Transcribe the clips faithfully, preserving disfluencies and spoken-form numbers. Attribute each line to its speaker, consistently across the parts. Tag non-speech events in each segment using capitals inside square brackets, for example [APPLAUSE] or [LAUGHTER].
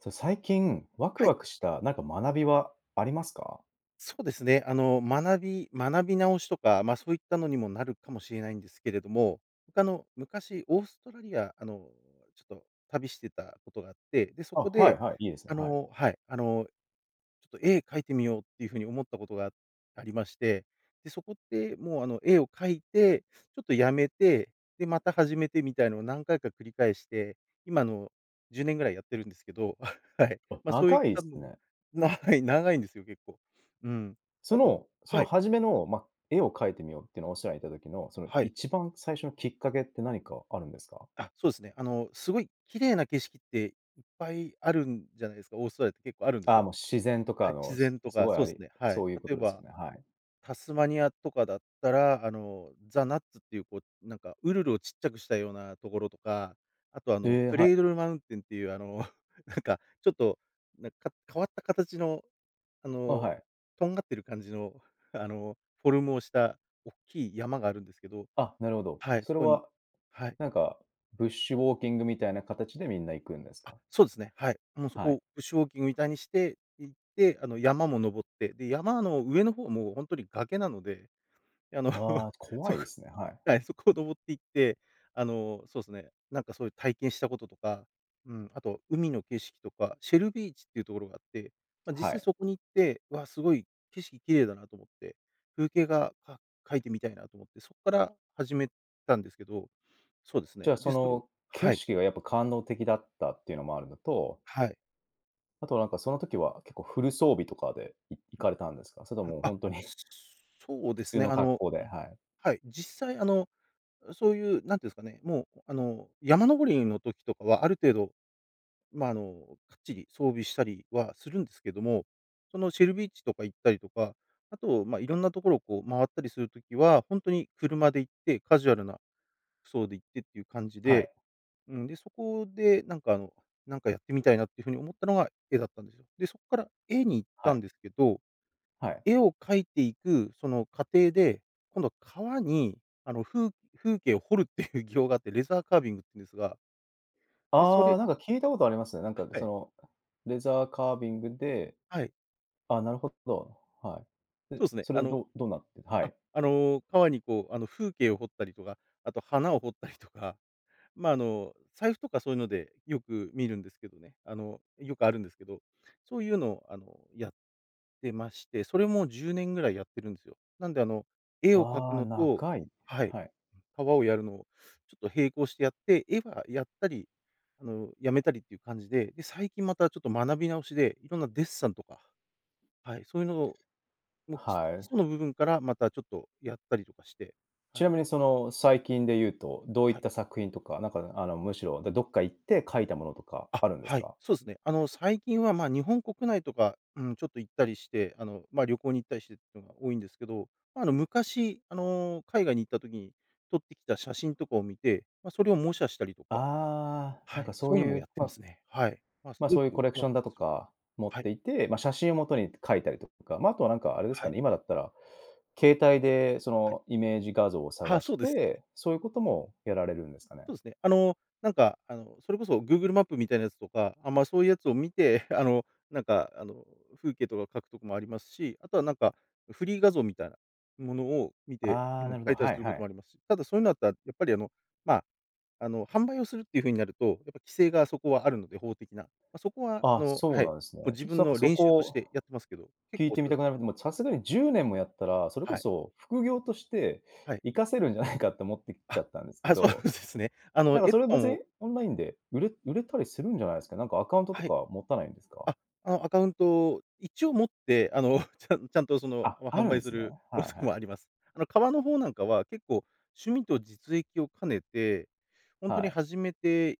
Speaker 1: そう、最近ワク
Speaker 2: はい。
Speaker 1: ワクした何か学びはありますか？
Speaker 2: そうですね。あの、学び学び直しとか、まあ、そういったのにもなるかもしれないんですけれども、他の昔オーストラリア、あの、ちょっと旅してたことがあって、で、そ
Speaker 1: あ、
Speaker 2: こ
Speaker 1: はい
Speaker 2: で、
Speaker 1: はい、いいですね、
Speaker 2: あ
Speaker 1: はい。
Speaker 2: のはい、あの、ちょっと絵描いてみようっていう風に思ったことが、ありまして、で、そこって、もう、あの、絵を描いて、ちょっとやめて、で、また始めてみたいなのを何回か繰り返して、今、あの、じゅうねんぐらいやってるんですけどあ、はい。
Speaker 1: おっ、
Speaker 2: ま、そういっ
Speaker 1: 長い
Speaker 2: た
Speaker 1: す
Speaker 2: の
Speaker 1: ね。
Speaker 2: 長い長いんですよ、結構。うん。で、
Speaker 1: そ
Speaker 2: あと
Speaker 1: の、そ
Speaker 2: は
Speaker 1: の、
Speaker 2: い。
Speaker 1: 初めの、ま、絵を描いてみようっていう、オーストラリアに居たときの、その
Speaker 2: はい。
Speaker 1: 一番最初のきっかけって何かあるんですか？
Speaker 2: あっ、そうですね。あの、すごい綺麗な景色っていっぱいあるんじゃないですか、オーストラリアって結構あるんです
Speaker 1: あ、
Speaker 2: よ。
Speaker 1: もう自然と
Speaker 2: は
Speaker 1: か
Speaker 2: い、
Speaker 1: の
Speaker 2: 自
Speaker 1: す
Speaker 2: 然と
Speaker 1: す
Speaker 2: か、
Speaker 1: ごい
Speaker 2: そ
Speaker 1: あ
Speaker 2: うです
Speaker 1: り
Speaker 2: ね、はい。
Speaker 1: そういうこ
Speaker 2: 例え
Speaker 1: とですよ
Speaker 2: ば、
Speaker 1: ね、はい。
Speaker 2: タスマニアとかだったら、あの、ザナッツっていうこう、なんかウルルをちっちゃくしたようなところとか、あと、あ
Speaker 1: へ
Speaker 2: の、
Speaker 1: え、
Speaker 2: ク
Speaker 1: はい。
Speaker 2: レイドルマウンテンっていう、あの、なんか、ちょっとなんか、変わった形の、あ
Speaker 1: あ、
Speaker 2: の、
Speaker 1: はい。
Speaker 2: とんがってる感じの、あの、フォルムをしたおっきい山があるんですけど、
Speaker 1: あ、なるほど。
Speaker 2: はい、
Speaker 1: そ
Speaker 2: そ
Speaker 1: れ
Speaker 2: こに
Speaker 1: は、
Speaker 2: はい。
Speaker 1: なんか、ブッシュウォーキングみたいな形でみんな行くんです
Speaker 2: あ、
Speaker 1: か？
Speaker 2: そうですね。はい。もう、そ
Speaker 1: は
Speaker 2: こ
Speaker 1: い。
Speaker 2: をブッシュウォーキングみたいにして行って、あの、山も登って、で、山の上の方もほんとに崖なので、あの、
Speaker 1: ああ、
Speaker 2: そ
Speaker 1: 怖
Speaker 2: こ
Speaker 1: い
Speaker 2: を
Speaker 1: ですね。はい。
Speaker 2: はい、そこを登って行って、あの、そうすね、なんか、そういう体験したこととか、うん、あと海の景色とか、シェルビーチっていうところがあって、まあ、実
Speaker 1: は
Speaker 2: 際
Speaker 1: い。
Speaker 2: そこに行って、わあ、すごい景色綺麗だなと思って、風景画、か描いてみたいなと思って、そっから始めたんですけど、そうです
Speaker 1: じ
Speaker 2: ね。
Speaker 1: ゃあ、
Speaker 2: で、
Speaker 1: そ
Speaker 2: それを
Speaker 1: の景
Speaker 2: はい。
Speaker 1: 色がやっぱ感動的だったっていうのもあるのと
Speaker 2: はい。
Speaker 1: あとは、なんか、その時は結構フル装備とかでい行かれたんですか？それと
Speaker 2: うん、
Speaker 1: も
Speaker 2: あっ。
Speaker 1: 本当に [CHUCKLES]
Speaker 2: そうで
Speaker 1: 普
Speaker 2: す
Speaker 1: 通
Speaker 2: ね。
Speaker 1: の
Speaker 2: あ
Speaker 1: 格
Speaker 2: の、
Speaker 1: 好で、はい。
Speaker 2: はい、実際、あの、そういう、なんて言うんですかね、もう、あの、山登りの時とかはある程度、ま、あの、かっちり装備したりはするんですけども、その、シェルビーチとか行ったりとか、あと、ま、色んなところを、こう、回ったりする時は、本当に車で行って、カジュアルな服装で行ってっていう感じ
Speaker 1: は
Speaker 2: で、
Speaker 1: い。
Speaker 2: うん、で、そこで、なんか、あの、なんか、やってみたいなっていう風に思ったのが絵だったんですよ。で、そこから絵に行っ
Speaker 1: は
Speaker 2: たん
Speaker 1: い。
Speaker 2: ですけど、
Speaker 1: はい。
Speaker 2: 絵を描いていくその過程で、今度革に、あの、風風景を掘るっていう [CHUCKLES] 技法があって、レザーカービングっていうんですが。で、それ
Speaker 1: ああ、なんか、聞いたことありますね、なんか、
Speaker 2: は
Speaker 1: そ
Speaker 2: い。
Speaker 1: のレザーカービングで
Speaker 2: はい。
Speaker 1: あ、なるほど。はい。
Speaker 2: そう
Speaker 1: で、
Speaker 2: っすね。
Speaker 1: そ
Speaker 2: あ
Speaker 1: れ、
Speaker 2: の
Speaker 1: どうどうなって、は
Speaker 2: あ
Speaker 1: い。
Speaker 2: あの、皮に、こう、あの、風景を掘ったりとか、あと花を掘ったり [CHUCKLES] とか、ま、あの、財布とかそういうのでよく見るんですけどね。あの、よくあるんですけど、そういうのを、あの、やってまして、それもじゅうねんぐらいやってるんすよ。なんで、あの、絵を描く
Speaker 1: ああ、
Speaker 2: のと
Speaker 1: 長い、
Speaker 2: はい、
Speaker 1: はい。
Speaker 2: 革をやるのを、ちょっと、並行してやって、絵はやったり、あの、やめたりっていう感じで、で、最近また、ちょっと、学び直しで、色んなデッサンとか、はい、そういうのを、もう、き
Speaker 1: は
Speaker 2: 基
Speaker 1: い。
Speaker 2: 礎の部分からまた、ちょっと、やったりとかして、
Speaker 1: ち
Speaker 2: はい。
Speaker 1: なみに、その、最近で言うと、どういっ
Speaker 2: はい。
Speaker 1: た作品とか、なんか、あの、むしろ、どっか行って描いたものとか
Speaker 2: あ、
Speaker 1: あるんです
Speaker 2: はい、
Speaker 1: か？
Speaker 2: そうですね。あの、最近は、ま、日本国内とか、うん、ちょっと、行ったりして、あの、ま、旅行に行ったりしてっていうのが多いんですけど、ま、あの、昔、あの、海外に行った時に撮ってきた写真とかを見て、ま、それを模写したりとか
Speaker 1: ああ、な
Speaker 2: は
Speaker 1: ん
Speaker 2: い、
Speaker 1: か、そ
Speaker 2: そう
Speaker 1: う
Speaker 2: いうのも
Speaker 1: い
Speaker 2: や
Speaker 1: う、
Speaker 2: ってま
Speaker 1: ま
Speaker 2: すね。はい。ま、す
Speaker 1: ま、
Speaker 2: ご
Speaker 1: そ
Speaker 2: く
Speaker 1: ういう
Speaker 2: わ
Speaker 1: コレク
Speaker 2: くわ
Speaker 1: ショ
Speaker 2: く
Speaker 1: ンだと
Speaker 2: する
Speaker 1: か持っ
Speaker 2: はい。
Speaker 1: ていて、ま、写真をもとに描いたりとか、ま、あとは、なんか、あれです
Speaker 2: は
Speaker 1: か
Speaker 2: い。
Speaker 1: ね、今だったら携帯で、そ
Speaker 2: はい。
Speaker 1: の、イメージ画像を
Speaker 2: ああ、
Speaker 1: 探
Speaker 2: そ
Speaker 1: し
Speaker 2: うです。
Speaker 1: て、そういうこともやられるんですかね。
Speaker 2: そうですね。あの、なんか、あの、それこそグーグルマップみたいなやつとか、あ、ま、そういうやつを見て、あの、なんか、あの、風景とか描くとこもありますし、あとは、なんか、フリー画像みたいなものを見て
Speaker 1: あ
Speaker 2: う
Speaker 1: あ、
Speaker 2: ん、
Speaker 1: なるほ
Speaker 2: 描
Speaker 1: ど、
Speaker 2: いたり
Speaker 1: は
Speaker 2: す
Speaker 1: い
Speaker 2: る
Speaker 1: は
Speaker 2: こと
Speaker 1: い。
Speaker 2: もあります。ただそういうのだったら、やっぱり、あの、ま、あの、販売をするっていう風になると、やっぱ、規制がそこはあるので、法的な。ま、そこは、あ
Speaker 1: あ、
Speaker 2: の
Speaker 1: そ
Speaker 2: は
Speaker 1: う
Speaker 2: い、
Speaker 1: なんですね。
Speaker 2: もう、
Speaker 1: ち
Speaker 2: 自
Speaker 1: ょっと、
Speaker 2: 分
Speaker 1: なんか、
Speaker 2: の
Speaker 1: そ
Speaker 2: 練習
Speaker 1: こ
Speaker 2: とし
Speaker 1: を
Speaker 2: てやってますけど、結
Speaker 1: 聞い
Speaker 2: 構
Speaker 1: てみ
Speaker 2: それ
Speaker 1: たくなり、もう、さすがにじゅうねんもやったら、それこ
Speaker 2: はい。
Speaker 1: そ副業として
Speaker 2: はい。
Speaker 1: 生かせるんじゃない [CHUCKLES] かって思ってきち
Speaker 2: あ、
Speaker 1: ゃったんですけ
Speaker 2: あ、そうなん
Speaker 1: ど。
Speaker 2: ですね。あの、
Speaker 1: なんか、
Speaker 2: 絵
Speaker 1: それ
Speaker 2: と
Speaker 1: は
Speaker 2: か
Speaker 1: 別
Speaker 2: も
Speaker 1: に、オンラインで売れ売れたりするんじゃないですか、なんか、アカウントと
Speaker 2: はい。
Speaker 1: か持たないんですか？
Speaker 2: あ、あの、アカウント、一応持って、あの、[CHUCKLES] ちゃちゃんと、その、
Speaker 1: あ、
Speaker 2: ま、
Speaker 1: あ
Speaker 2: 販
Speaker 1: るん
Speaker 2: 売
Speaker 1: で
Speaker 2: す
Speaker 1: すね。
Speaker 2: る
Speaker 1: はい
Speaker 2: こと
Speaker 1: は
Speaker 2: も
Speaker 1: い。
Speaker 2: [CHUCKLES] あります。あの、革の方なんかは結構趣味と実益を兼ねて、本当
Speaker 1: は
Speaker 2: に
Speaker 1: い。
Speaker 2: 始めて、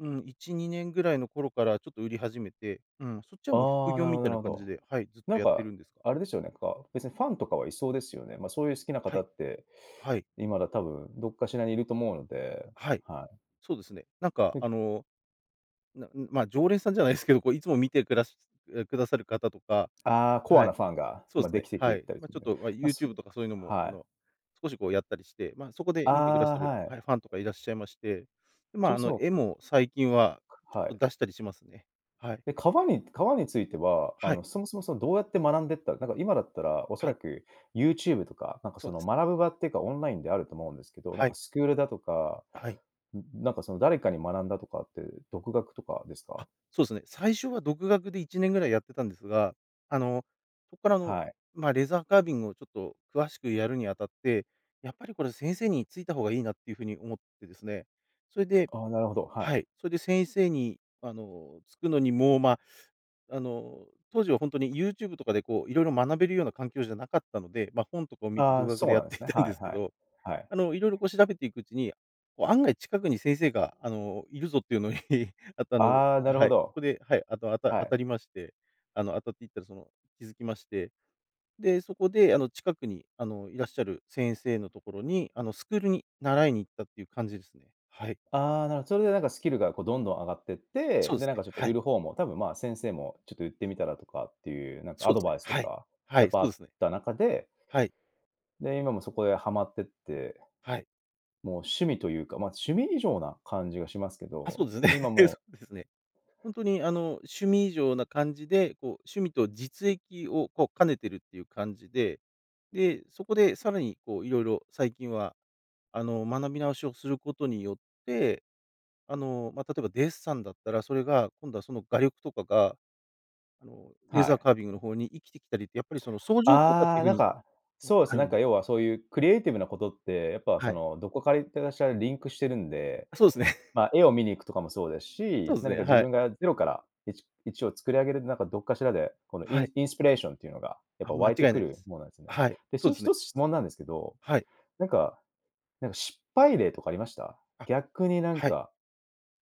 Speaker 2: うーん、いちにねんぐらいの頃から、ちょっと、売り始めて、うん、そっちは、もう、副
Speaker 1: ああ、
Speaker 2: 業
Speaker 1: なる
Speaker 2: み
Speaker 1: ほどな
Speaker 2: たい
Speaker 1: る
Speaker 2: な
Speaker 1: ほ
Speaker 2: 感じ
Speaker 1: ど。
Speaker 2: で、はい、ずっ
Speaker 1: な
Speaker 2: と
Speaker 1: ん
Speaker 2: やって
Speaker 1: か、
Speaker 2: るんですが。
Speaker 1: あれですよね、んか、別にファンとかはいそうですよね。ま、そういう好きな
Speaker 2: は
Speaker 1: 方
Speaker 2: い、
Speaker 1: って。
Speaker 2: はい。
Speaker 1: 今は多分どっかしらにいると思うので、
Speaker 2: はい。
Speaker 1: はい。
Speaker 2: そうですね。なんか、
Speaker 1: うん。
Speaker 2: あの、なんま、常連さんじゃないですけど、こう、いつも見てくらしくださる方とか、
Speaker 1: ああ、コア
Speaker 2: はい。
Speaker 1: なファンが、
Speaker 2: そう
Speaker 1: ま、
Speaker 2: す
Speaker 1: で
Speaker 2: ね、
Speaker 1: きてき
Speaker 2: は
Speaker 1: ゅ
Speaker 2: い。
Speaker 1: たり
Speaker 2: ま、
Speaker 1: する
Speaker 2: ち
Speaker 1: ん
Speaker 2: ょっ
Speaker 1: で。
Speaker 2: と、ま、
Speaker 1: ま、
Speaker 2: ユーチ
Speaker 1: す
Speaker 2: ューブとかそういうのも、
Speaker 1: は
Speaker 2: こ
Speaker 1: い。
Speaker 2: の、少し、こう、やったりして、ま、そこで
Speaker 1: あ
Speaker 2: 見てくだ
Speaker 1: あ、
Speaker 2: さる、
Speaker 1: は
Speaker 2: は
Speaker 1: い。
Speaker 2: い、ファンとかいらっしゃいまして、で、
Speaker 1: ち
Speaker 2: ま、
Speaker 1: ょ
Speaker 2: あの、
Speaker 1: そ。
Speaker 2: 絵も最近は、ちょ
Speaker 1: は
Speaker 2: っ
Speaker 1: い。
Speaker 2: と、出したりしますね。はい。
Speaker 1: え、革に革については、あ
Speaker 2: はい。
Speaker 1: の、そもそも、その、どうやって学んでった、なんか、今だったらおそ
Speaker 2: は
Speaker 1: ら
Speaker 2: い。
Speaker 1: く、ユーチューブとか、なんか、
Speaker 2: そ
Speaker 1: そ
Speaker 2: うで
Speaker 1: の、
Speaker 2: すね。
Speaker 1: 学ぶ場っていうかオンラインであると思うんですけど、なん
Speaker 2: は
Speaker 1: か、
Speaker 2: い。
Speaker 1: スクールだとか、
Speaker 2: あ、はい。
Speaker 1: うん、なんか、その、誰かに学んだとかって、独学とかです
Speaker 2: あ、
Speaker 1: か？
Speaker 2: そうですね。最初は独学でいちねんぐらいやってたんですが、あの、そこから、あの、
Speaker 1: はい。
Speaker 2: ま、レーザーカービングを、ちょっと、詳しくやるにあたって、やっぱり、これ先生についた方がいいなっていう風に思ってですね。それで
Speaker 1: ああ、なるほど、は
Speaker 2: は
Speaker 1: い。
Speaker 2: い、それで先生に、あの、つくのにも、ま、あの、当時は本当にユーチューブとかで、こう、色々学べるような環境じゃなかったので、ま、本とかを見て
Speaker 1: あ
Speaker 2: 独
Speaker 1: あ、
Speaker 2: 学
Speaker 1: そ
Speaker 2: で
Speaker 1: う
Speaker 2: や
Speaker 1: な
Speaker 2: っ
Speaker 1: んで
Speaker 2: て
Speaker 1: すね。
Speaker 2: [CHUCKLES] いたん
Speaker 1: は
Speaker 2: です
Speaker 1: い
Speaker 2: け
Speaker 1: はい。
Speaker 2: ど、
Speaker 1: はい。
Speaker 2: あの、色々、こう、調べていくうちに、こう、案外近くに先生が、あの、いるぞっていうのに、[CHUCKLES] あっとあの、
Speaker 1: ああ、なる
Speaker 2: は
Speaker 1: ほ
Speaker 2: い、そ
Speaker 1: ど。
Speaker 2: こで、はい、あとあた
Speaker 1: は
Speaker 2: 当
Speaker 1: い。
Speaker 2: たりまして、あの、当たっていったら、その、気づきまして、で、そこで、あの、近くに、あの、いらっしゃる先生のところに、あの、スクールに習いに行ったっていう感じですね。はい。
Speaker 1: ああ、なるほ、それで、なんか、スキルが、こう、どんどん上がってって、
Speaker 2: そうで
Speaker 1: で、
Speaker 2: す
Speaker 1: なん
Speaker 2: ね。
Speaker 1: か、ちょっと、
Speaker 2: は
Speaker 1: 売
Speaker 2: い。
Speaker 1: る方も多分、ま、先生も、ちょっと、売ってみたらとかっていう、なんか、
Speaker 2: そ
Speaker 1: ア
Speaker 2: うで
Speaker 1: ド
Speaker 2: すね。
Speaker 1: バイスと
Speaker 2: はい。
Speaker 1: か、
Speaker 2: は
Speaker 1: やっ
Speaker 2: い、そ
Speaker 1: ぱ、あ
Speaker 2: うで
Speaker 1: っ
Speaker 2: すね。
Speaker 1: た中で
Speaker 2: はい。
Speaker 1: で、今もそこではまってって。
Speaker 2: はい。
Speaker 1: もう、趣味というか、ま、趣味以上な感じがしますけ
Speaker 2: あ、
Speaker 1: ど、
Speaker 2: そうですね。
Speaker 1: で、今、
Speaker 2: そ
Speaker 1: も
Speaker 2: うですね。本当に、あ
Speaker 1: う。
Speaker 2: の、趣味以上な感じで、こう、趣味と実益を、こう、兼ねてるっていう感じで、で、そこでさらに、こう、色々最近は、あの、学び直しをすることによって、あの、ま、例えばデッサンだったら、それが今度は、その、画力とかが、あの、レー
Speaker 1: は
Speaker 2: ザー
Speaker 1: い。
Speaker 2: カービングの方に生きてきたりって、やっぱり、その、相乗効果って
Speaker 1: あ
Speaker 2: い
Speaker 1: あ、
Speaker 2: う風
Speaker 1: なん
Speaker 2: に
Speaker 1: か、
Speaker 2: は
Speaker 1: そうで
Speaker 2: あ
Speaker 1: すね、
Speaker 2: る
Speaker 1: なん
Speaker 2: ん
Speaker 1: か、
Speaker 2: で。
Speaker 1: 要はそういうクリエイティブなことって、やっぱ、
Speaker 2: は
Speaker 1: そ
Speaker 2: い。
Speaker 1: の、どこかいってらっしゃるリンクしてるんで、
Speaker 2: あ、そうですね。[CHUCKLES]
Speaker 1: ま、絵を見に行くとかもそうです
Speaker 2: そう
Speaker 1: し、
Speaker 2: です
Speaker 1: 何
Speaker 2: ね、
Speaker 1: か自
Speaker 2: はい。
Speaker 1: 分がゼロから、いちいちを作り上げる、なんか、どっかしらで、このイ
Speaker 2: は
Speaker 1: ン
Speaker 2: い。
Speaker 1: インスピレーションっていうのが、やっ
Speaker 2: あ、
Speaker 1: ぱ、
Speaker 2: 間
Speaker 1: 湧
Speaker 2: 違
Speaker 1: い
Speaker 2: い
Speaker 1: て
Speaker 2: ない
Speaker 1: く
Speaker 2: で
Speaker 1: る
Speaker 2: す。
Speaker 1: ものなんですね。
Speaker 2: はい、
Speaker 1: で、
Speaker 2: そ
Speaker 1: そ
Speaker 2: う
Speaker 1: れ
Speaker 2: です
Speaker 1: ひ
Speaker 2: ね。
Speaker 1: とつ質問なんですけど、
Speaker 2: はい。
Speaker 1: なんかなんか、失敗例とかありました？
Speaker 2: あ、
Speaker 1: 逆に、なん
Speaker 2: はい。
Speaker 1: か、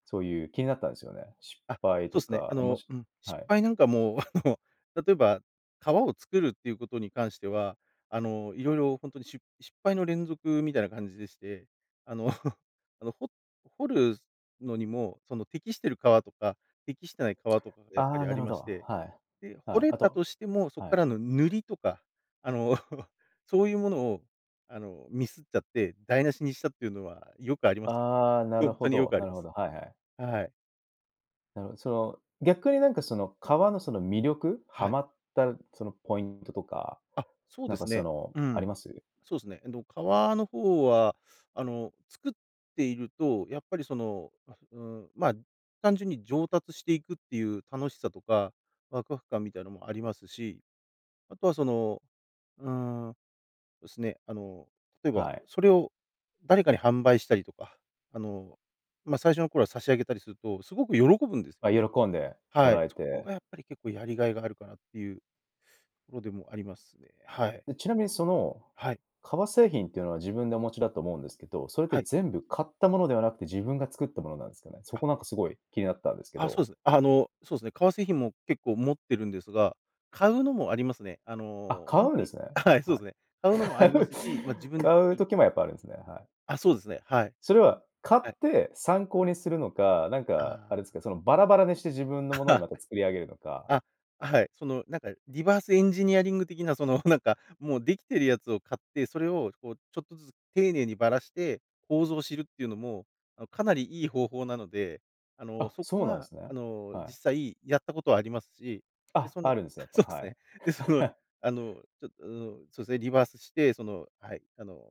Speaker 1: そういう気になったんですよね。失
Speaker 2: あ、
Speaker 1: 敗
Speaker 2: そうで
Speaker 1: と
Speaker 2: すね。あ
Speaker 1: か、おも
Speaker 2: の、
Speaker 1: し
Speaker 2: うん、失
Speaker 1: はい。
Speaker 2: 敗なんかも、[CHUCKLES] あの、例えば、革を作るっていうことに関しては、あの、色々本当にしゅ失敗の連続みたいな感じでして、あの、[CHUCKLES] あの、ほ掘るのにも、その、適している革とか、適してない革とか、やっぱ
Speaker 1: ああ、
Speaker 2: り、あ
Speaker 1: な
Speaker 2: り
Speaker 1: るほ
Speaker 2: ま
Speaker 1: ど、
Speaker 2: して、
Speaker 1: はい。
Speaker 2: で、掘
Speaker 1: はい、
Speaker 2: れ
Speaker 1: あ
Speaker 2: た
Speaker 1: と、
Speaker 2: としても、そっ
Speaker 1: は
Speaker 2: か
Speaker 1: い。
Speaker 2: らの塗りとか、あの、[CHUCKLES] そういうものを、あの、ミスっちゃって台無しにしたっていうのはよくありますよ。
Speaker 1: ああ、なる
Speaker 2: 本
Speaker 1: ほ
Speaker 2: 当によ
Speaker 1: ど、
Speaker 2: くあ
Speaker 1: な
Speaker 2: り
Speaker 1: る
Speaker 2: ま
Speaker 1: ほ
Speaker 2: す。
Speaker 1: ど、はいはい。
Speaker 2: はい。
Speaker 1: なうその、逆になんか、その、革のその魅力？は
Speaker 2: はい。
Speaker 1: まった、その、ポイントとか、
Speaker 2: あ、そう
Speaker 1: な
Speaker 2: で
Speaker 1: んか、
Speaker 2: す
Speaker 1: そ
Speaker 2: ね。
Speaker 1: の、
Speaker 2: う
Speaker 1: あり
Speaker 2: ん、
Speaker 1: ます？
Speaker 2: そうっすね。えっと、革の方はあの、作っていると、やっぱり、その、あ、うーん、ま、単純に上達していくっていう楽しさとか、ワクワク感みたいなのもありますし、あとは、その、うーん、ですね、あの、例えば、
Speaker 1: はい。
Speaker 2: それを誰かに販売したりとか、あの、ま、最初の頃は差し上げたりすると、すごく喜ぶんです
Speaker 1: あ、
Speaker 2: ね。
Speaker 1: 喜んでも
Speaker 2: はい、
Speaker 1: らえ
Speaker 2: そこ
Speaker 1: て。
Speaker 2: がやっぱり、結構、やりがいがあるかなっていうものでもありますね。はい。
Speaker 1: え、ちなみに、その
Speaker 2: はい。
Speaker 1: 革製品っていうのは、自分でお持ちだと思うんですけど、それって
Speaker 2: はい。
Speaker 1: 全部買ったものではなくて、自分が作ったものなんすかね？そ
Speaker 2: あ。
Speaker 1: こなんかすごい気になったんですけ
Speaker 2: あ、そう
Speaker 1: ど。
Speaker 2: っす。あの、そうっすね、革製品も結構持ってるんですが買うのもありますね。あの、
Speaker 1: あ、
Speaker 2: ほ
Speaker 1: 買
Speaker 2: ん
Speaker 1: うん
Speaker 2: と
Speaker 1: で
Speaker 2: に、
Speaker 1: すね、
Speaker 2: はい、そうっ
Speaker 1: はい。
Speaker 2: すね。買うのもあ
Speaker 1: 買
Speaker 2: りま
Speaker 1: う？
Speaker 2: すし、ま、自分、
Speaker 1: 買
Speaker 2: う
Speaker 1: う
Speaker 2: ん、う、
Speaker 1: 時もやっぱあるんすね、はい。
Speaker 2: あ、そうですね。はい。
Speaker 1: それは買
Speaker 2: はい。
Speaker 1: って参考にするのか、なん
Speaker 2: あ
Speaker 1: か、あ
Speaker 2: あ。
Speaker 1: れですか、その、バラバラにして自分のものにまた作り上げるの
Speaker 2: [LAUGHS]
Speaker 1: か？
Speaker 2: あ、はい。その、なんかリバースエンジニアリング的な、その、なんか、もうできてるやつを買って、それをこう、ちょっとずつ丁寧にばらして、構造を知るっていうのも、あの、かなりいい方法なので、あの、
Speaker 1: あ、
Speaker 2: そこ
Speaker 1: そうなんで
Speaker 2: は、
Speaker 1: す
Speaker 2: あ
Speaker 1: ね。
Speaker 2: の、
Speaker 1: はい。
Speaker 2: 実際やったことはありますし、で、
Speaker 1: あ、
Speaker 2: その、
Speaker 1: あるんですね、やっ
Speaker 2: そう
Speaker 1: ぱ、
Speaker 2: っ
Speaker 1: は
Speaker 2: す
Speaker 1: い。
Speaker 2: ね。で、その、
Speaker 1: [CHUCKLES]
Speaker 2: あの、ちょっうーん、そうですね、リバースして、その、はい、あの、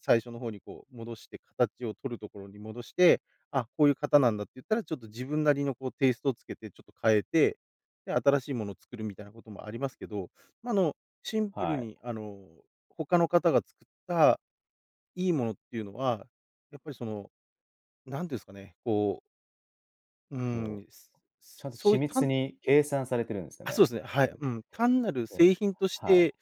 Speaker 2: 最初の方にこう戻して形を取るところに戻して、あ、こういう型なんだっていったら、ちょっと自分なりのこう、テイストをつけてちょっと変えて、で、新しいものを作るみたいなこともありますけど、ま、あの、シンプル
Speaker 1: はい。
Speaker 2: に、あの、他の方が作った、いいものっていうのは、やっぱり、その、なんて言うんすかね、こううー
Speaker 1: ほ
Speaker 2: ん、
Speaker 1: う、ちゃんと
Speaker 2: そう
Speaker 1: 緻
Speaker 2: いう、
Speaker 1: 密
Speaker 2: 単
Speaker 1: に計算されてるんですよ
Speaker 2: あ、そう
Speaker 1: ね。
Speaker 2: っすね、は
Speaker 1: う
Speaker 2: い、
Speaker 1: ん、
Speaker 2: うん。単なる
Speaker 1: ね、
Speaker 2: 製品とし
Speaker 1: はい。
Speaker 2: て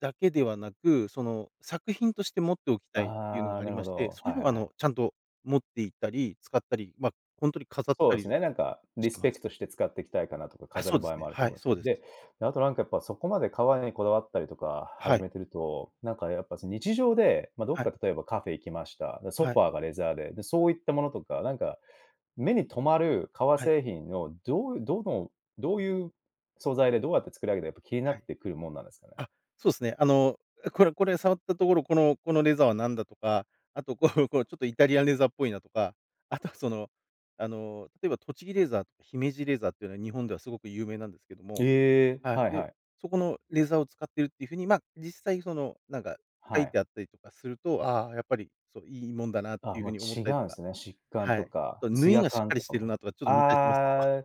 Speaker 2: だけではなく、その、作品として持っておきたいっていうの
Speaker 1: あ
Speaker 2: が
Speaker 1: あ、
Speaker 2: あ
Speaker 1: な
Speaker 2: り
Speaker 1: る
Speaker 2: ま
Speaker 1: ほ
Speaker 2: して、
Speaker 1: ど、
Speaker 2: そうい
Speaker 1: は
Speaker 2: う
Speaker 1: い
Speaker 2: の
Speaker 1: はい
Speaker 2: を、あ
Speaker 1: は
Speaker 2: の、
Speaker 1: い。
Speaker 2: ちゃんと持っていったり使ったり、ま、ほんとに飾っ
Speaker 1: そう
Speaker 2: た
Speaker 1: です
Speaker 2: り
Speaker 1: ね、なんか
Speaker 2: し
Speaker 1: リ
Speaker 2: て
Speaker 1: ス
Speaker 2: ま
Speaker 1: ペク
Speaker 2: す。
Speaker 1: トして使っていきたいかなとか
Speaker 2: あ、
Speaker 1: 飾
Speaker 2: そ
Speaker 1: る
Speaker 2: うで
Speaker 1: 場合
Speaker 2: す
Speaker 1: も
Speaker 2: ね。
Speaker 1: あると
Speaker 2: は
Speaker 1: 思
Speaker 2: い、
Speaker 1: うんです
Speaker 2: そ
Speaker 1: よ。
Speaker 2: うです。
Speaker 1: で、で、あとなんか、やっぱ、そこまで革にこだわったりとか
Speaker 2: は
Speaker 1: 始
Speaker 2: い。
Speaker 1: めてると、なんかやっぱ、その、日常で、ま、どっ
Speaker 2: はい。
Speaker 1: か例えばカフェ行きました、で、ソ
Speaker 2: は
Speaker 1: フ
Speaker 2: い。
Speaker 1: ァーがレザーで、で、そういったものとか、なんか、目に留まる革
Speaker 2: はい。
Speaker 1: 製品のどう、どの、どういう素材でどうやって作り上げたか、やっぱ、気にな
Speaker 2: は
Speaker 1: っ
Speaker 2: い。
Speaker 1: てくるもんなんですかね？
Speaker 2: あ、そうっすね。あの、これこれ触ったところ、このこのレザーは何だとか、あと、こうこう、ちょっと、イタリアンレザーっぽいなとか。あとは、その、あの、例えば、栃木レザーと姫路レザーっていうのは、日本ではすごく有名なんですけども、
Speaker 1: ええ、
Speaker 2: はい、
Speaker 1: はい
Speaker 2: で、
Speaker 1: はい。
Speaker 2: そこのレザーを使ってるっていう風に、ま、実際その、なんか書
Speaker 1: は
Speaker 2: いて
Speaker 1: い。
Speaker 2: あったりとかすると、ああ、やっぱり、そ、いいもんだなって
Speaker 1: あ、
Speaker 2: いう
Speaker 1: も
Speaker 2: 風
Speaker 1: う、
Speaker 2: に思っ
Speaker 1: 違
Speaker 2: たりと
Speaker 1: うん
Speaker 2: か。
Speaker 1: すね。しっかん
Speaker 2: はい。
Speaker 1: と
Speaker 2: あ
Speaker 1: か
Speaker 2: と縫い
Speaker 1: 艶
Speaker 2: がしっか
Speaker 1: 感
Speaker 2: り
Speaker 1: と
Speaker 2: し
Speaker 1: か
Speaker 2: てる
Speaker 1: も。
Speaker 2: なとか、ちょっと見たりしますけど [LAUGHS]
Speaker 1: ああ。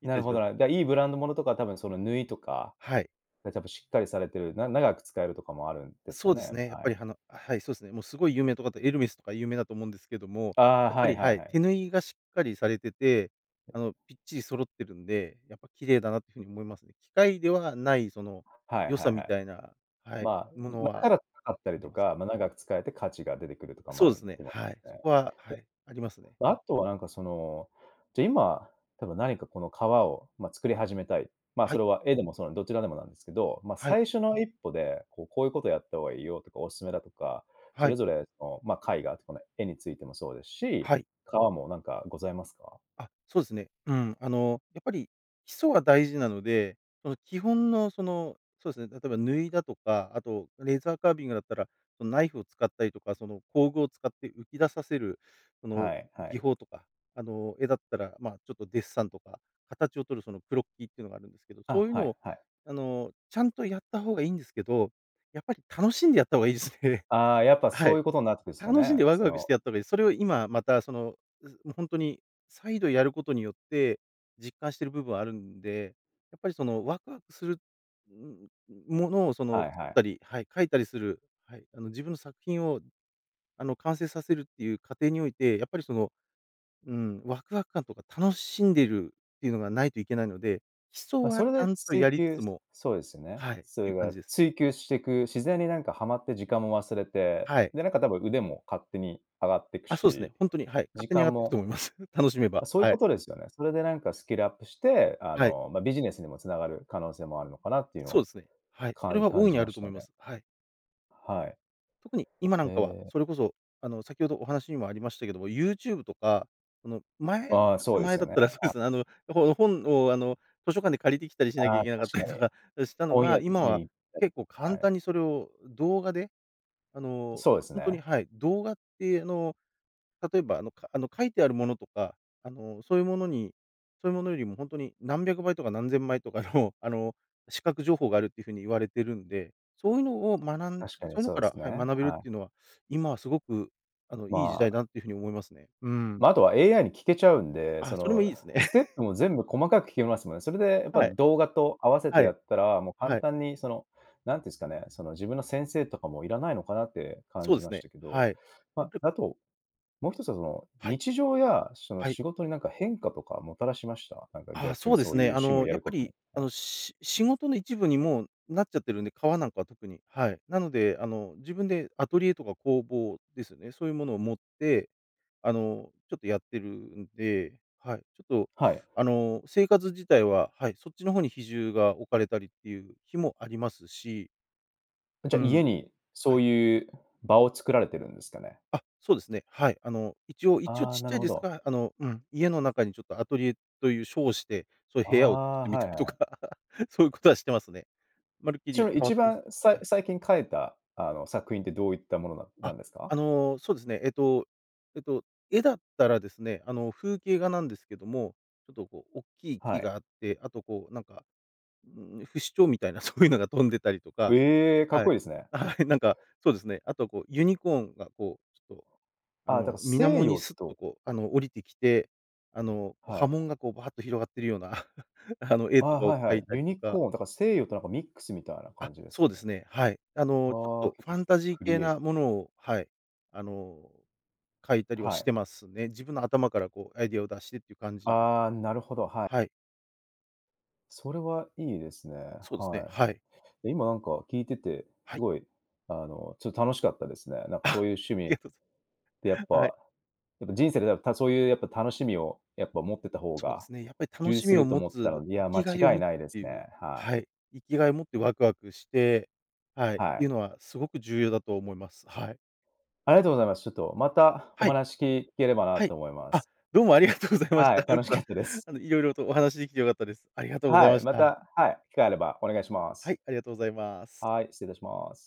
Speaker 2: 見
Speaker 1: な
Speaker 2: た
Speaker 1: る
Speaker 2: りし
Speaker 1: ほ
Speaker 2: ます。
Speaker 1: どな、だ、いいブランド物とか多分、その、縫いとか、
Speaker 2: はい。
Speaker 1: で、たばしっかりされてる、な長く使えるとかもあるんですか
Speaker 2: そうです
Speaker 1: ね、
Speaker 2: ね、やっ
Speaker 1: は
Speaker 2: ぱり
Speaker 1: い。
Speaker 2: はのはい、そうすね。もうすごい有名なとかって、エルメスとか有名だと思うんですけども、
Speaker 1: ああ、
Speaker 2: やっぱ
Speaker 1: はい、
Speaker 2: り、
Speaker 1: は
Speaker 2: は
Speaker 1: い、
Speaker 2: い、
Speaker 1: はい。
Speaker 2: 手縫いがしっかりされてて、あ
Speaker 1: [UNINTELLIGIBLE]
Speaker 2: の、ぴっちり揃ってるんで、やっぱ、綺麗だなという風に思いますね。機械ではない、その、
Speaker 1: はい、は
Speaker 2: 良
Speaker 1: い、
Speaker 2: さ
Speaker 1: は
Speaker 2: み
Speaker 1: い。
Speaker 2: たいな、は
Speaker 1: ま
Speaker 2: い、
Speaker 1: あ、
Speaker 2: もの
Speaker 1: ま、だか
Speaker 2: は
Speaker 1: ら高かった
Speaker 2: い
Speaker 1: り
Speaker 2: で
Speaker 1: と
Speaker 2: ます。
Speaker 1: か、ま、長く使えて価値が出てくるとかも
Speaker 2: そう
Speaker 1: あ
Speaker 2: で
Speaker 1: る
Speaker 2: すね。
Speaker 1: と思い
Speaker 2: はい。
Speaker 1: ま
Speaker 2: そ
Speaker 1: すね。
Speaker 2: こは、はい、ありますね。
Speaker 1: で、あとは、なんか、その、じゃ、今多分何かこの革を、ま、作り始めたい、ま、
Speaker 2: は
Speaker 1: そ
Speaker 2: い。
Speaker 1: れは絵でもそう、どちらでもなんですけど、ま、
Speaker 2: はい。
Speaker 1: 最初の一歩で、こう、こういうことやった方がいいよとか、お勧めだとか、
Speaker 2: は
Speaker 1: そ
Speaker 2: い。
Speaker 1: れぞれの、ま、絵画とこの絵についてもそうですし、
Speaker 2: はい。
Speaker 1: 革もなんかございますか？
Speaker 2: あ、そうですね。うん。あの、やっぱり基礎が大事なので、その、基本の、その、そうですね、例えば、縫いだとか、あと、レザーカービングだったら、その、ナイフを使ったりとか、その、工具を使って浮き出させる、その、
Speaker 1: はい、は
Speaker 2: 技
Speaker 1: い。
Speaker 2: 法とか、あの、絵だったら、ま、ちょっとデッサンとか、形をとる、その、クロッキーっていうのがあるんですけど、そ
Speaker 1: あ、
Speaker 2: ういう
Speaker 1: は
Speaker 2: の
Speaker 1: い、
Speaker 2: を、
Speaker 1: はい。
Speaker 2: あの、ちゃんとやった方がいいんですけど、やっぱり楽しんでやった方がいいですね。
Speaker 1: ああ、やっぱ、
Speaker 2: は
Speaker 1: そう
Speaker 2: い。
Speaker 1: いうことになってですか
Speaker 2: 楽しん
Speaker 1: ね、
Speaker 2: でワク
Speaker 1: そ
Speaker 2: ワクし
Speaker 1: の
Speaker 2: てやった方がいい。それを今また、その、うほんとに再度やることによって、実感してる部分はあるんで、やっぱり、その、ワクワクする、うん、うものを、その、
Speaker 1: はい、
Speaker 2: 作
Speaker 1: は
Speaker 2: っ
Speaker 1: い。
Speaker 2: たり、はい、描いたりする、はい、あの、自分の作品を、あの、完成させるっていう過程において、やっぱり、その、うん、ワクワク感とか楽しんでるっていうのがないといけないので、基礎
Speaker 1: ま、そ
Speaker 2: は
Speaker 1: れ
Speaker 2: ちゃ
Speaker 1: で、
Speaker 2: んとや
Speaker 1: 追
Speaker 2: りつ
Speaker 1: 求
Speaker 2: つも
Speaker 1: そうですよね、
Speaker 2: はい、
Speaker 1: そ
Speaker 2: いう
Speaker 1: れ
Speaker 2: 感
Speaker 1: が
Speaker 2: じです。
Speaker 1: 追求していく、自然に、なんか、はまって時間も忘れて、
Speaker 2: はい。
Speaker 1: で、なんか、多分腕も勝手に上がってく
Speaker 2: あ、そうっすね、
Speaker 1: し、
Speaker 2: ほんとに、はい、勝
Speaker 1: 時
Speaker 2: 手に上が
Speaker 1: 間
Speaker 2: っていくと
Speaker 1: も
Speaker 2: 思います。楽しめば、
Speaker 1: そういう
Speaker 2: はい。
Speaker 1: ことですよね。それで、なんか、スキルアップして、あ
Speaker 2: はい。
Speaker 1: の、ま、ビジネスにも繋がる可能性もあるのかなっていうの
Speaker 2: そう
Speaker 1: は、
Speaker 2: ですね。はい。それ
Speaker 1: 感
Speaker 2: は大
Speaker 1: 感
Speaker 2: い
Speaker 1: じ
Speaker 2: にあ
Speaker 1: ま
Speaker 2: る
Speaker 1: し
Speaker 2: と思
Speaker 1: た
Speaker 2: いま
Speaker 1: ね。
Speaker 2: す。はい。
Speaker 1: はい。
Speaker 2: 特に、今な
Speaker 1: へ
Speaker 2: んかは、
Speaker 1: え。
Speaker 2: それこそ、あの、先ほどお話にもありましたけども、ユーチューブとか、その、前、ち
Speaker 1: あ、
Speaker 2: ょっ
Speaker 1: そう
Speaker 2: と
Speaker 1: です
Speaker 2: 前
Speaker 1: よ
Speaker 2: だっ
Speaker 1: ね、
Speaker 2: たらそうで
Speaker 1: はい。
Speaker 2: すね、あの、ほ本を、あの、図書館で借りてきたりしなき
Speaker 1: あ
Speaker 2: ゃ
Speaker 1: あ、
Speaker 2: いけなかっ
Speaker 1: 確
Speaker 2: た
Speaker 1: かに。
Speaker 2: りとか、あ、したの
Speaker 1: 本
Speaker 2: が、
Speaker 1: 屋
Speaker 2: 今は
Speaker 1: に行ったり、
Speaker 2: 結構、
Speaker 1: は
Speaker 2: 簡
Speaker 1: い。
Speaker 2: 単にそれを動画で、あの、
Speaker 1: そうです
Speaker 2: ほんとに、
Speaker 1: ね。
Speaker 2: はい、動画ってあの、例えば、あの、書あの、書いてあるものとか、あの、そういうものにそういうものよりも、ほんとに何百倍とか何千倍とかの、あの、視覚情報があるっていう風に言われてるんで、そういうのを学ん
Speaker 1: 確か
Speaker 2: そ
Speaker 1: に
Speaker 2: ういうの
Speaker 1: そう
Speaker 2: か
Speaker 1: で
Speaker 2: ら、
Speaker 1: すね、
Speaker 2: はい、学べるっ
Speaker 1: はい。
Speaker 2: ていうのは、今はすごくあの、
Speaker 1: ま
Speaker 2: いい時代
Speaker 1: あ。
Speaker 2: だなって風に思いますね、うーん。
Speaker 1: ま、あとは、AI に聞けちゃうんで、
Speaker 2: あ、
Speaker 1: そ
Speaker 2: それもいい
Speaker 1: の、
Speaker 2: ですね。
Speaker 1: ステッ
Speaker 2: [LAUGHS]
Speaker 1: プも全部細かく聞けますもんね。それでやっぱ
Speaker 2: はい、
Speaker 1: 動画と合わせて
Speaker 2: は
Speaker 1: や
Speaker 2: い、
Speaker 1: ったら、もう簡
Speaker 2: はい。
Speaker 1: 単にその、なんて言うんすかね、その、自分の先生とかもいらないのかなって感
Speaker 2: そうで
Speaker 1: じ
Speaker 2: す
Speaker 1: まし
Speaker 2: ね、
Speaker 1: たけど。
Speaker 2: はい。やっ
Speaker 1: ま、
Speaker 2: ぱり
Speaker 1: あと、もう一つは、その、
Speaker 2: はい。
Speaker 1: 日常や、その、
Speaker 2: はい。
Speaker 1: 仕事になんか変化とかもたらしました？なんか、
Speaker 2: は、
Speaker 1: 逆
Speaker 2: そ
Speaker 1: に、
Speaker 2: うで
Speaker 1: そ
Speaker 2: す
Speaker 1: ういう
Speaker 2: ね。あ
Speaker 1: 趣味を
Speaker 2: の、
Speaker 1: や
Speaker 2: やっ
Speaker 1: る
Speaker 2: ぱ
Speaker 1: ことに、
Speaker 2: り、あ
Speaker 1: はい。
Speaker 2: の、し仕事の一部にもうなっちゃってるんで、革なんかは特に、はい。なので、あの、自分でアトリエとか工房ですよね、そういうものを持って、あの、ちょっと、やってるんで、はい、ちょっと、
Speaker 1: はい。
Speaker 2: あの、生活自体は、はい、そっちの方に比重が置かれたりっていう日もありますし
Speaker 1: じゃ、
Speaker 2: う
Speaker 1: 家
Speaker 2: ん。
Speaker 1: にそ
Speaker 2: はい。
Speaker 1: ういう場を作られてるんですかね？
Speaker 2: あ、そうですね。はい。あの、一応一応
Speaker 1: ああ、
Speaker 2: ちっ
Speaker 1: な
Speaker 2: ち
Speaker 1: る
Speaker 2: ゃい
Speaker 1: ほ
Speaker 2: です
Speaker 1: ど。
Speaker 2: が、あの、うん、家の中に、ちょっと、アトリエという称して、そういう
Speaker 1: あ
Speaker 2: 部屋を作っ
Speaker 1: あ、
Speaker 2: てみた
Speaker 1: はい
Speaker 2: り
Speaker 1: はい
Speaker 2: と
Speaker 1: は
Speaker 2: か、
Speaker 1: い。
Speaker 2: [LAUGHS] そういうことはしてますね。まるっき
Speaker 1: ちな
Speaker 2: り
Speaker 1: みに、
Speaker 2: 変わ
Speaker 1: 一
Speaker 2: ってます、
Speaker 1: 番、最
Speaker 2: はい。
Speaker 1: 最近描いた、あの、作品ってどういったものなな
Speaker 2: あ、
Speaker 1: んですか？
Speaker 2: あの、そうですね。えっとえっと、絵だったらですね、あの、風景画なんですけども、ちょっとこう、大きい
Speaker 1: は
Speaker 2: 木
Speaker 1: い。
Speaker 2: があって、あと、こう、なんか、うーん、不死鳥みたいなそういうのが飛んでたりとか、
Speaker 1: ええ、かっ
Speaker 2: はい、
Speaker 1: こいいですね。
Speaker 2: はい、なんか、そうですね。あと、こう、ユニコーンがこう、ちょっと、あ
Speaker 1: あ、だか、
Speaker 2: の、水
Speaker 1: 西
Speaker 2: 面に
Speaker 1: 洋
Speaker 2: スッと
Speaker 1: と
Speaker 2: こう、あの、降りてきて、あの、こう、
Speaker 1: は
Speaker 2: 波
Speaker 1: い。
Speaker 2: 紋がこう、バーッと広がっているような、[CHUCKLES] あの、絵
Speaker 1: あ、
Speaker 2: とかを
Speaker 1: はいは
Speaker 2: 描い
Speaker 1: い。
Speaker 2: た
Speaker 1: ユ
Speaker 2: りと
Speaker 1: ニ
Speaker 2: か。
Speaker 1: コーンだから、西洋と、なんか、ミックスみたいな
Speaker 2: あ、
Speaker 1: 感じです
Speaker 2: そ
Speaker 1: か
Speaker 2: うで
Speaker 1: ね。
Speaker 2: すね。はい。あの、ちょっ
Speaker 1: は、
Speaker 2: と
Speaker 1: 結
Speaker 2: フ
Speaker 1: 構、
Speaker 2: ァンタ
Speaker 1: ク
Speaker 2: ジー
Speaker 1: ク
Speaker 2: 系
Speaker 1: リエイティブ。
Speaker 2: なものを、はい、あの、描いたりは
Speaker 1: は
Speaker 2: して
Speaker 1: い。
Speaker 2: ますね。自分の頭からこうアイデアを出してっていう感じですね。
Speaker 1: ああ、なるほど、はい。
Speaker 2: はい。
Speaker 1: それはいいですね、
Speaker 2: そうですね、
Speaker 1: は
Speaker 2: はい。
Speaker 1: い。で、今なんか、聞いてて、
Speaker 2: は
Speaker 1: す
Speaker 2: い。
Speaker 1: ごい、あの、ちょ、楽しかったですね。なんか
Speaker 2: あ。
Speaker 1: そういう趣
Speaker 2: い
Speaker 1: 味、
Speaker 2: や。[LAUGHS]
Speaker 1: で、やっ
Speaker 2: はい。
Speaker 1: ぱ、やっぱ人生で、そういうやっぱ楽しみをやっぱ、持ってた方
Speaker 2: そうで
Speaker 1: が
Speaker 2: すね。やっぱり楽
Speaker 1: 充実
Speaker 2: し
Speaker 1: す
Speaker 2: みを
Speaker 1: ると
Speaker 2: 持
Speaker 1: 思った
Speaker 2: つ、
Speaker 1: のいや、
Speaker 2: 生
Speaker 1: 間
Speaker 2: きがいを
Speaker 1: 違い
Speaker 2: 持つっ
Speaker 1: ないで
Speaker 2: て
Speaker 1: す
Speaker 2: いう、
Speaker 1: ね、はい。
Speaker 2: はい、生きがいを持ってワクワクして、はいっ
Speaker 1: は
Speaker 2: ていう
Speaker 1: い。
Speaker 2: のはすごく重要だと思います。はい。
Speaker 1: ありがとございます。ちょっと、また、お
Speaker 2: はい。
Speaker 1: 話聞聞ければな
Speaker 2: は
Speaker 1: と
Speaker 2: い。
Speaker 1: 思いま
Speaker 2: あ、
Speaker 1: す。
Speaker 2: どうもありがとうございまし
Speaker 1: は
Speaker 2: た。
Speaker 1: い、
Speaker 2: なん
Speaker 1: 楽し
Speaker 2: か、
Speaker 1: かったです。
Speaker 2: あの、色々とお話しできて良かったです。ありがとうござい
Speaker 1: は
Speaker 2: ま
Speaker 1: い、
Speaker 2: し
Speaker 1: ま
Speaker 2: た。
Speaker 1: た、はい、機会あればお願いします。
Speaker 2: はい、ありがとうございます。
Speaker 1: はい、失礼いたします。